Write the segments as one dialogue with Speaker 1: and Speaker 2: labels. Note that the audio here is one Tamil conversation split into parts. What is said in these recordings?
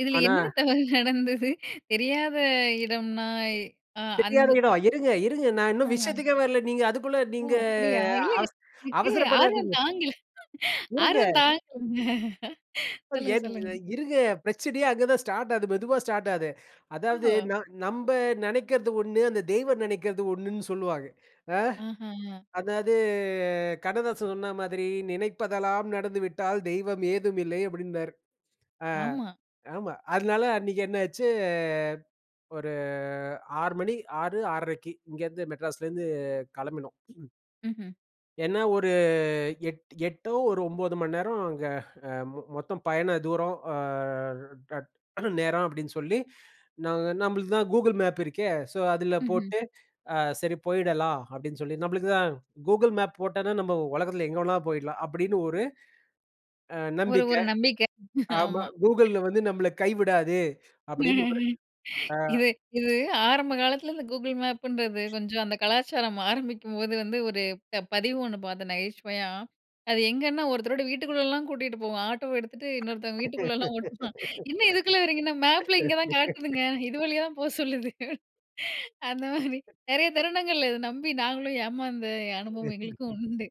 Speaker 1: இதுல
Speaker 2: ஆனா,
Speaker 1: என்ன தவறு நடந்தது? தெரியாத இடம்ன்னாய் அ அந்
Speaker 2: தெரியாத
Speaker 1: அ,
Speaker 2: இடம். இருங்க, இருங்க நான் இன்னும்
Speaker 1: ம்ஹ்ம்.
Speaker 2: விஷயத்துக்கே வரல. நீங்க அதுக்குள்ள
Speaker 1: ஓ!
Speaker 2: நீங்க
Speaker 1: அப்படியா. இல்ல,
Speaker 2: அவச
Speaker 1: எனக்கு ஆர்வம்
Speaker 2: அவசரப்படாதீங்க.
Speaker 1: தாங்கல
Speaker 2: இருங்க.
Speaker 1: ஆர்வம் தாங்கலங்க.
Speaker 2: இப்பது
Speaker 1: சொல்லுங்க, சொல்லுங்க.
Speaker 2: ஏனுங்கறேன். இருங்க பிரச்சனையே அங்க தான் ஸ்டார்ட் ஆகுது. மெதுவா ஸ்டார்ட் ஆகுது. அதாவது
Speaker 1: ஓஹோ!
Speaker 2: ந நம்ப நெனைக்கிறது ஒண்ணு அந்த தெய்வம் நெனைக்கிறது ஒண்ணுன்னு சொல்லுவாங்க. அ.
Speaker 1: ஆஹா.
Speaker 2: அதாவது கண்ணதாசன் சொன்ன மாதிரி, "நினைப்பதெல்லாம் நடந்துவிட்டால் தெய்வம் ஏதுமில்லை. அப்படீம்பாரு.
Speaker 1: ஆமா.
Speaker 2: அ ஆமா. அதனால அன்னைக்கு என்னாச்சு, ஒரு 6:00 மணி 6:00 - 6:30க்கு இங்கேருந்து, மெட்ராஸ்லேருந்து கெளம்பினோம்.
Speaker 1: ம்ஹ்ம்.
Speaker 2: என்னா ஒரு எட் 8ஓ ஒரு 9 மணி நேரம் அங்க அ மொ மொத்தம் பயண தூரம் அ [unintelligible] நேரம் அப்படீன்னு சொல்லி நாங்க "நம்பளுக்கு தான் கூகுள் மேப் இருக்கே. ஸோ, அதுல
Speaker 1: ம்ஹ்ம்.
Speaker 2: போட்டு அ சரி போயிடலாம்." அப்படீன்னு சொல்லி, "நம்பளுக்கு தான் கூகுள் மேப் போட்டோன்னா, நம்ப உலகத்தில எங்க வேணாலும் போயிடலாம்." அப்படீன்னு ஒரு அ
Speaker 1: ஒரு ஒரு
Speaker 2: நம்பிக்கை.
Speaker 1: நம்பிக்கை.
Speaker 2: ஆமா,
Speaker 1: ஆமா.
Speaker 2: "கூகுள்ல வந்து நம்பள கைவிடாது." அப்படீன்னு ஒரு, அ.
Speaker 1: இது இது ஆரம்ப காலத்தில, இந்த கூகுள் மேப்புன்றது கொஞ்சம் அந்த கலாச்சாரம் ஆரம்பிக்கும்போது வந்து, ஒரு ப பதிவு ஒண்ணு பார்த்தேன் நகைச்சுவையா. அது எங்கேன்னா, ஒருத்தரோட வீட்டுக்குள்ளேலாம் கூட்டிட்டு போகும். ஆட்டோ எடுத்துட்டு இன்னொருத்தங்க வீட்டுக்குள்ளலாம் ஓட்டுவான். என்ன இதுக்குள்ள வர்றீங்கன்னா, "மேப்ல இங்க தான் காட்டுதுங்க. இது வழியா தான் போ சொல்லுது." அந்த மாரி நெறைய தருணங்கள்ல இத நம்பி நாங்களும் ஏமாந்த அனுபவம் எங்களுக்கும் உண்டு.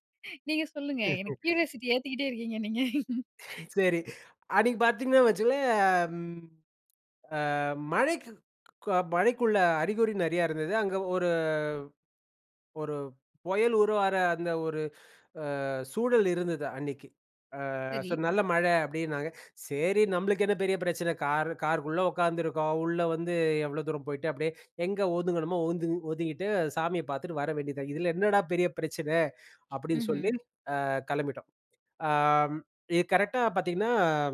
Speaker 1: நீங்க சொல்லுங்க. எனக்கு கியூரியாசிட்டி ஏத்திக்கிட்டே இருக்கீங்க நீங்க.
Speaker 2: சரி. அன்னைக்கு பாத்தீங்கன்னா வச்சுக்கங்களேன், அம் அ மழைக்கு க மழைக்குள்ள அறிகுறி நெறையா இருந்தது. அங்க ஒரு ஒரு பொயல் உருவாற அந்த ஒரு அ சூழல் இருந்தது அன்னைக்கு. அ
Speaker 1: சரி.
Speaker 2: ஸோ, "நல்ல மழை" அப்படீன்னாங்க. "சரி, நம்பளுக்கு என்ன பெரிய பிரச்சனை? கார் கார்க்குள்ள உட்காந்துருக்கோம். உள்ள வந்து எவ்ளோ தூரம் போயிட்டு, அப்படியே எங்க ஒதுங்கணுமோ ஒது ஒதுங்கிட்டு, சாமிய பார்த்துட்டு வர வேண்டியது தான். இதுல என்னடா பெரிய பிரச்சனை?" அப்படீன்னு
Speaker 1: ம்ஹ்ம்.
Speaker 2: சொல்லி அ கெளம்பிட்டோம். அம் இது கரெக்ட்டா பார்த்தீங்கன்னா,